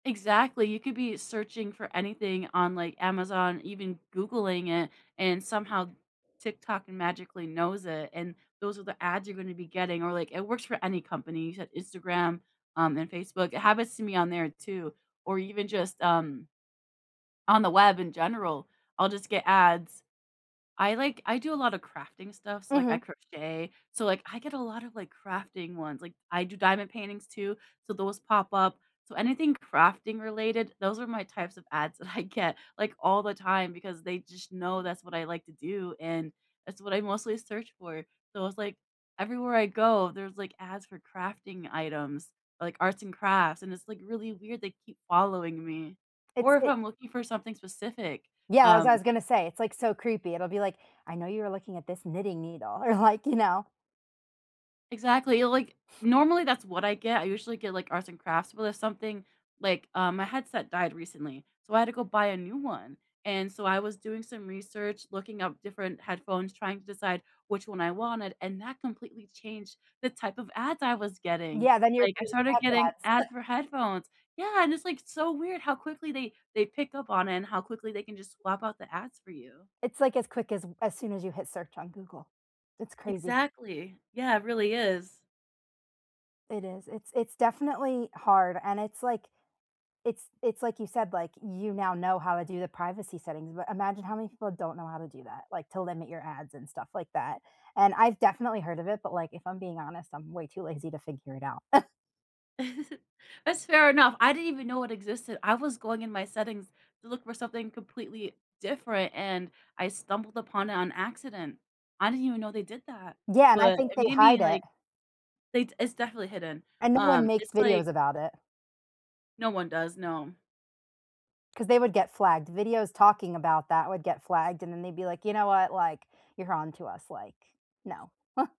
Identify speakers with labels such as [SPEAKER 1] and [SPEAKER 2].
[SPEAKER 1] Exactly. You could be searching for anything on, like, Amazon, even Googling it, and somehow TikTok magically knows it and those are the ads you're gonna be getting or, like, it works for any company, you said Instagram, um, and Facebook. It happens to me on there, too, or even just, um on the web, in general. I'll just get ads. I like I do a lotta crafting stuff, so, like, I
[SPEAKER 2] Mhm.
[SPEAKER 1] crochet, so, like, I get a lotta, like, crafting ones. Like, I do diamond paintings, too, so those pop up. So anything crafting-related, those are my types of ads that I get, like, all the time because they just know that's what I like to do, and that's what I mostly search for. So it's like, everywhere I go, there's, like, ads for crafting items, like arts and crafts, and it's, like, really weird. They keep following me.
[SPEAKER 2] It's
[SPEAKER 1] Or if
[SPEAKER 2] it
[SPEAKER 1] I'm looking for something specific,
[SPEAKER 2] Yeah, as I
[SPEAKER 1] um
[SPEAKER 2] was gonna say, it's, like, so creepy. It'll be like, "I know you were looking at this knitting needle," or, like, you know.
[SPEAKER 1] Exactly, or like, normally, that's what I get. I usually get, like, arts and crafts, but if something like um, my headset died recently, so I had to go buy a new one and so I was doing some research, looking up different headphones, trying to decide which one I wanted, and that completely changed the type of ads I was getting.
[SPEAKER 2] Yeah. Then you're
[SPEAKER 1] Like, I
[SPEAKER 2] getting
[SPEAKER 1] started
[SPEAKER 2] [unintelligible]
[SPEAKER 1] getting
[SPEAKER 2] ads.
[SPEAKER 1] ads for headphones. Yeah, and it's, like, so weird how quickly they they pick up on it and how quickly they can just swap out the ads for you.
[SPEAKER 2] It's like as quick as as soon as you hit search on Google. It's crazy.
[SPEAKER 1] Exactly. Yeah, it really is.
[SPEAKER 2] It is. It's it's definitely hard and it's like it's it's like you said, like, you now know how to do the privacy settings but imagine how many people don't know how to do that, like, to limit your ads and stuff like that. And I've definitely heard of it, but, like, if I'm being honest, I'm way too lazy to figure it out.
[SPEAKER 1] That's fair enough. I didn't even know it existed. I was going in my settings to look for something completely different, and I stumbled upon it on accident. I didn't even know they did that,
[SPEAKER 2] Yeah, and I
[SPEAKER 1] but
[SPEAKER 2] think
[SPEAKER 1] it
[SPEAKER 2] they
[SPEAKER 1] made
[SPEAKER 2] hide
[SPEAKER 1] me,
[SPEAKER 2] it.
[SPEAKER 1] like, they It's definitely hidden.
[SPEAKER 2] And no one
[SPEAKER 1] Um,
[SPEAKER 2] makes
[SPEAKER 1] it's
[SPEAKER 2] videos
[SPEAKER 1] like
[SPEAKER 2] about it.
[SPEAKER 1] No one does, no.
[SPEAKER 2] 'Cause they would get flagged. Videos talking about that would get flagged and then they'd be like, "You know what, like, you're onto us, like, no."